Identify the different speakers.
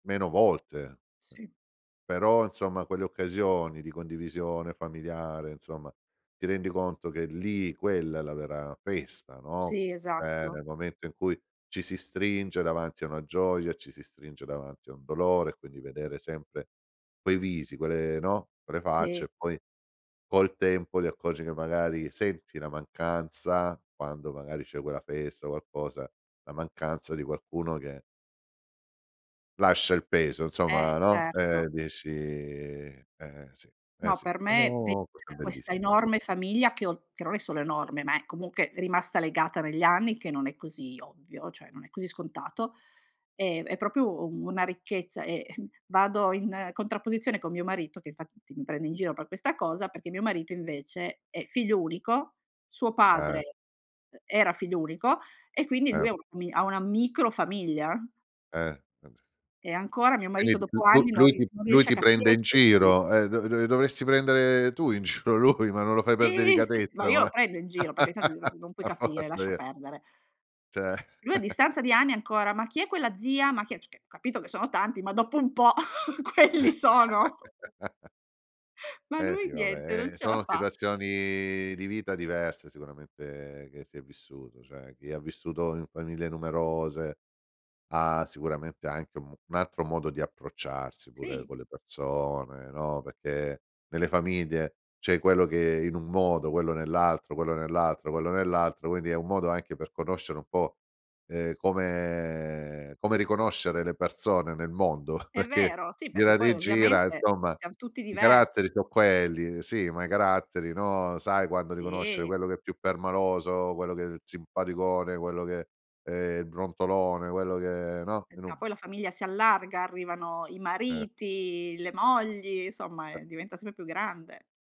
Speaker 1: Meno volte,.
Speaker 2: Sì.
Speaker 1: Però, insomma, quelle occasioni di condivisione familiare insomma, ti rendi conto che lì, quella è la vera festa, no?
Speaker 2: Sì,
Speaker 1: Cioè
Speaker 2: esatto.
Speaker 1: nel momento in cui ci si stringe davanti a una gioia, ci si stringe davanti a un dolore, quindi vedere sempre quei visi, quelle no, quelle facce
Speaker 2: Sì.
Speaker 1: e poi col tempo ti accorgi che magari senti la mancanza, quando magari c'è quella festa, qualcosa, la mancanza di qualcuno che lascia il peso,
Speaker 2: Eh!
Speaker 1: insomma, no,
Speaker 2: Certo.
Speaker 1: ehm, dici eh, sì, eh,
Speaker 2: No,
Speaker 1: sì,
Speaker 2: per me ve
Speaker 1: sono cose
Speaker 2: da questa
Speaker 1: bellissime.
Speaker 2: enorme famiglia che ho che non è solo enorme, ma è comunque rimasta legata negli anni, che non è così ovvio, cioè non è così scontato, ehm, è proprio u una ricchezza, e vado in contrapposizione con mio marito che infatti mi prende in giro per questa cosa, perché mio marito, invece, è figlio unico, suo
Speaker 1: Eh.
Speaker 2: padre era figlio unico e quindi lui
Speaker 1: Ehm
Speaker 2: ha una fami ha una micro famiglia.
Speaker 1: Eh, [unintelligible]
Speaker 2: E ancora mio
Speaker 1: quindi
Speaker 2: marito
Speaker 1: di più
Speaker 2: dopo
Speaker 1: lu
Speaker 2: anni non
Speaker 1: lui
Speaker 2: ri
Speaker 1: ti
Speaker 2: non
Speaker 1: lui
Speaker 2: riesce a
Speaker 1: ti
Speaker 2: capire
Speaker 1: prende in
Speaker 2: chi è chi.
Speaker 1: giro, ehm, dove dove dovresti prendere tu in giro lui, ma non lo fai
Speaker 2: Sì!
Speaker 1: per
Speaker 2: Sì, s ma
Speaker 1: delicatezza,
Speaker 2: io lo
Speaker 1: ma
Speaker 2: prendo in giro, perché tan [unintelligible] "Non puoi
Speaker 1: a
Speaker 2: capire,
Speaker 1: forza
Speaker 2: lascia
Speaker 1: ie
Speaker 2: perdere".
Speaker 1: Cioè
Speaker 2: Lui a distanza di anni ancora: "Ma chi è quella zia? Ma chi è" cioè c capito che sono tanti, ma dopo un po' quelli sono! Ma
Speaker 1: Eh,
Speaker 2: lui
Speaker 1: sì. Vabbè,
Speaker 2: niente, non
Speaker 1: ehm,
Speaker 2: ce la
Speaker 1: sono
Speaker 2: fa!
Speaker 1: situazioni di vita diverse sicuramente che si è vissuto. Cioè, chi ha vissuto in famiglie numerose ha sicuramente anche u mu un altro modo di approcciarsi pure
Speaker 2: Sì.
Speaker 1: con le persone, no, perché nelle famiglie c'è quello che in un modo, quello nell'altro, quello nell'altro, quello nell'altro. Quindi, è un modo anche per conoscere un po', ehm, come come riconoscere le persone nel mondo,
Speaker 2: È
Speaker 1: perché
Speaker 2: vero! Sì, perché
Speaker 1: gira
Speaker 2: poi
Speaker 1: rigira,
Speaker 2: ovviamente
Speaker 1: insomma,
Speaker 2: siam tutti
Speaker 1: i
Speaker 2: diver
Speaker 1: caratteri so' quelli sì, ma i caratteri, no, sai quando riconoscere
Speaker 2: Sì.
Speaker 1: quello che è più permaloso, quello che è il simpaticone, quello che è i brontolone, quello che no, in
Speaker 2: Esa
Speaker 1: un
Speaker 2: poi la famiglia si allarga, arrivano i
Speaker 1: Cer
Speaker 2: mariti, le mogli, insomma, ehm, diventa sempre più grande.